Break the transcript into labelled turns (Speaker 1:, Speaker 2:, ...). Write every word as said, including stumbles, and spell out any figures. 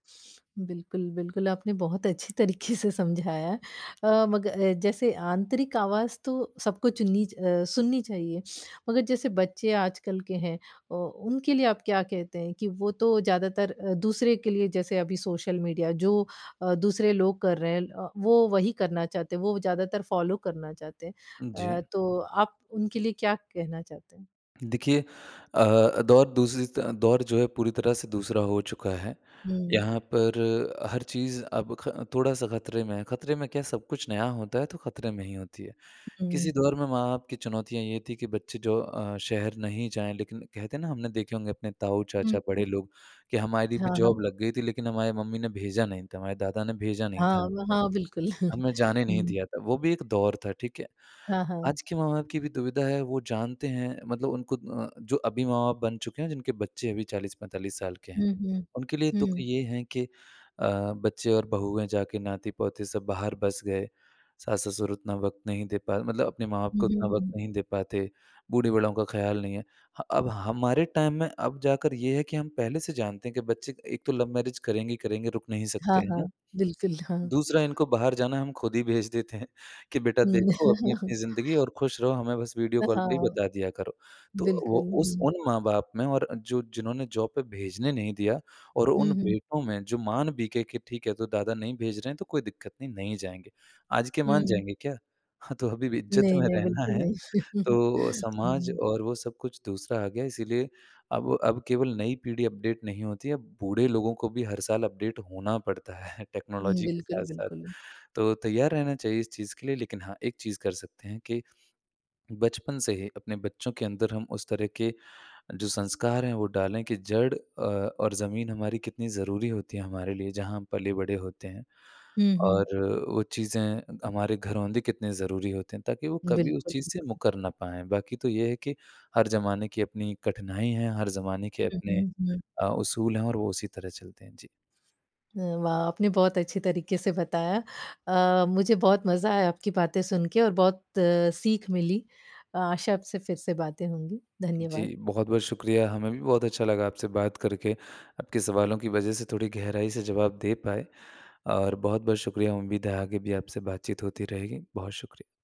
Speaker 1: बिल्कुल, बिल्कुल आपने बहुत अच्छी तरीक़े से समझाया है। अ, मग अ, जैसे आंतरिक आवाज़ तो सबको चुननी च अ, सुननी चाहिए, मगर जैसे बच्चे आजकल के हैं, ओ उनके लिए आप क्या कहते हैं, कि वो तो ज़्यादातर अ, दूसरे के लिए जैसे अभी सोशल मीडिया जो अ, दूसरे लोग कर रहे हैं ल अ, वो वही करना चाहते हैं। वो ज़्यादातर फॉलो करना चाहते हैं अ,
Speaker 2: जी।
Speaker 1: तो आप उनके लिए क्या कहना चाहते हैं?
Speaker 2: देखिए अ, दौर दूसरी स दौर जो है पूरी तरह से दूसरा हो चुका है।
Speaker 1: हुँ।
Speaker 2: यहाँ पर हर चीज़ अब ख थोड़ा-सा खतरे में है, खतरे में क्या सब कुछ नया होता है तो खतरे में ही होती है। किसी
Speaker 1: हुँ।
Speaker 2: दौर में माँ-बाप की चुनौतियाँ ये थी कि बच्चे जो अ, शहर नहीं जाएँ, लेकिन कहते हैं ना हमने देखे होंगे अपने
Speaker 1: हुँ,
Speaker 2: ताऊ-चाचा बड़े
Speaker 1: हुँ।
Speaker 2: लोग कि हमारी भी
Speaker 1: हाँ, हाँ।
Speaker 2: जॉब लग गई थी लेकिन हमारी मम्मी ने भेजा नहीं था, हमारे दादा ने भेजा नहीं था
Speaker 1: हाँ,
Speaker 2: हमको,
Speaker 1: हाँ, बिल्कुल।
Speaker 2: हमें जाने नहीं
Speaker 1: हुँ।
Speaker 2: दिया था, वो भी एक दौर था, ठीक है?
Speaker 1: हाँ, हाँ।
Speaker 2: आज के माँ बाप की भी दुविधा है वो जानते हैं मतलब उनको अ, जो अभी माँ बाप बन चुके हैं, जिनके बच्चे अभी चालीस पैंतालीस साल के हैं,
Speaker 1: हुँ, हुँ,
Speaker 2: उनके लिए दुःख
Speaker 1: हुँ।
Speaker 2: ये है कि अ, बच्चे और बहुएँ जा के नाती-पोते सब बाहर बस गए, सास-ससुर उतना वक़्त नहीं दे पा मतलब अपने माँ-बाप
Speaker 1: हुँ,
Speaker 2: को उतना
Speaker 1: हुँ,
Speaker 2: वक़्त
Speaker 1: हुँ।
Speaker 2: नहीं दे पाते, बूढ़े-बड़ों का ख़्याल नहीं है। ह अब हमारे टाइम में अब जाकर ये है कि हम पहले से जानते हैं, कि बच्चे एक तो लव-मैरेज करेंगे ही करेंगे, रुक नहीं
Speaker 1: हाँ,
Speaker 2: सकते है
Speaker 1: हाँ,
Speaker 2: ना।
Speaker 1: बिल्कुल, हाँ।
Speaker 2: दूसरा इनको बाहर जाना है, हम ख़ुद ही भेज देते हैं, कि बेटा
Speaker 1: हुँ।
Speaker 2: देखो अपनी-अपनी ज़िंदगी है और खुश रहो, हमें बस वीडियो
Speaker 1: अ,
Speaker 2: कॉल पे ही
Speaker 1: हाँ।
Speaker 2: बता दिया करो। तो वो
Speaker 1: बिल्कुल,
Speaker 2: उस
Speaker 1: हुँ।
Speaker 2: उन माँ बाप में और जो जिन्होंने जॉब पर भेजने नहीं दिया और उन
Speaker 1: हुँ, हुँ।
Speaker 2: बेटों में जो मान भी गए, कि ठीक है तो दादा नहीं भेज रहे हैं, तो कोई दिक्कत नहीं, नहीं जाएँगे, आज के मान
Speaker 1: हुँ।
Speaker 2: जाएँगे क्या? हाँ, तो अभी भी इज्जत
Speaker 1: नहीं,
Speaker 2: में
Speaker 1: नहीं
Speaker 2: रहना
Speaker 1: बिल्कुल
Speaker 2: है,
Speaker 1: नहीं।
Speaker 2: तो समाज
Speaker 1: हुँ।
Speaker 2: और वो सब कुछ दूसरा आ गया है इसीलिए अब अब केवल नई पीढ़ी अपडेट नहीं होती है, अब बूढ़े लोगों को भी हर साल अपडेट होना पड़ता है
Speaker 1: हुँ,
Speaker 2: टेक्नोलॉजी के
Speaker 1: बिल्कुल,
Speaker 2: साथ-साथ।
Speaker 1: बिल्कुल।
Speaker 2: तो तैयार रहना चाहिए इस चीज़ के लिए। लेकिन हाँ, एक चीज़ कर सकते हैं, कि बचपन से ही अपने बच्चों के अंदर हम उस तरह के जो संस्कार हैं वो डालें कि जड़ अ, और ज़मीन हमारी कितनी ज़रूरी होती है हमारे लिए जहाँ हम पले-बड़े होते हैं।
Speaker 1: हुँ,
Speaker 2: और
Speaker 1: हुँ।
Speaker 2: वो चीज़ें हमारे घरोंदे कितने ज़रूरी होते हैं ताकि वो कभी उस
Speaker 1: बिल्कुल।
Speaker 2: चीज़ से मुकर ना पाएँ, बाकी तो ये है कि हर ज़माने की अपनी एक कठिनाई है, हर ज़माने के
Speaker 1: हुँ,
Speaker 2: अपने
Speaker 1: हुँ, हुँ।
Speaker 2: अ, उसूल हैं और वो उसी तरह चलते हैं, जी।
Speaker 1: हुँ, वाह! आपने बहुत अच्छी तरीक़े से बताया। अ, मुझे बहुत मज़ा आया आपकी बातें सुन के और बहुत सीख मिली, आशा आपसे फिर से बातें होंगी। धन्यवाद।
Speaker 2: जी, बहुत-बहुत शुक्रिया हमें भी बहुत अच्छा लगा आपसे बात करके। आपके सवालों की वजह से थोड़ी गहराई से जवाब दे पाए और बहुत-बहुत शुक्रिया उम्मीद आगे भी आपसे बातचीत होती रहेगी। बहुत शुक्रिया।